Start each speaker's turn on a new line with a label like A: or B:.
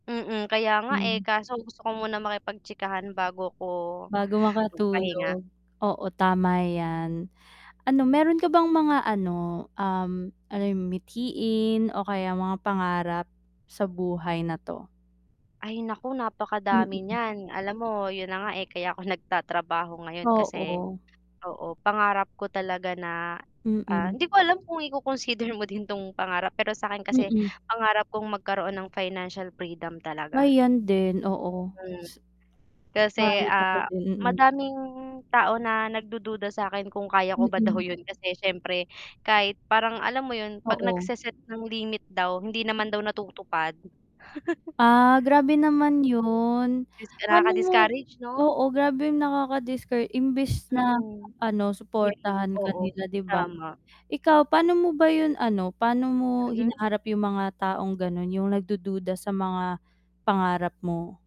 A: Mm, kaya nga, eh,
B: Hmm.
A: kaso gusto ko muna makipagchikahan bago ko
B: Bago
A: magpahinga.
B: makatulog, oo tama 'yan. Ano meron ka bang mga ano, um, ano 'yon mithiin o kaya mga pangarap sa buhay na 'to?
A: Ay naku, napakadami
B: Mm.
A: niyan, alam mo 'yun na nga, eh, kaya ako nagtatrabaho ngayon kasi
B: Oo.
A: oo, pangarap ko talaga na, ah
B: Mm.
A: hindi ko alam kung i-coconsider mo din 'tong pangarap, pero sa akin kasi
B: Mm.
A: pangarap kong magkaroon ng financial freedom
B: Ay
A: talaga.
B: 'yan din, oo.
A: Mm.
B: S
A: Kasi,
B: Promise ako
A: ah,
B: din, mm.
A: madaming tao na nagdududa sa'kin kung kaya ko ba daw
B: Mm.
A: 'yun kasi siyempre kahit parang alam mo yun 'pag
B: Oo.
A: nagse-set ng limit daw, hindi naman daw natutupad.
B: Ah, grabe naman
A: Mm.
B: 'yun.
A: Dis
B: Paano mo
A: nakaka-discourage 'no?
B: oo, grabe nakaka-discour imbes na
A: Mm.
B: ano
A: I-lift,
B: suportahan ka
A: oo,
B: nila 'di ba?
A: tama.
B: Ikaw pa'no mo ba 'yung ano, pa'no mo
A: Mm.
B: hinaharap 'yung mga taong gano'n 'yung nagdududa sa mga pangarap mo?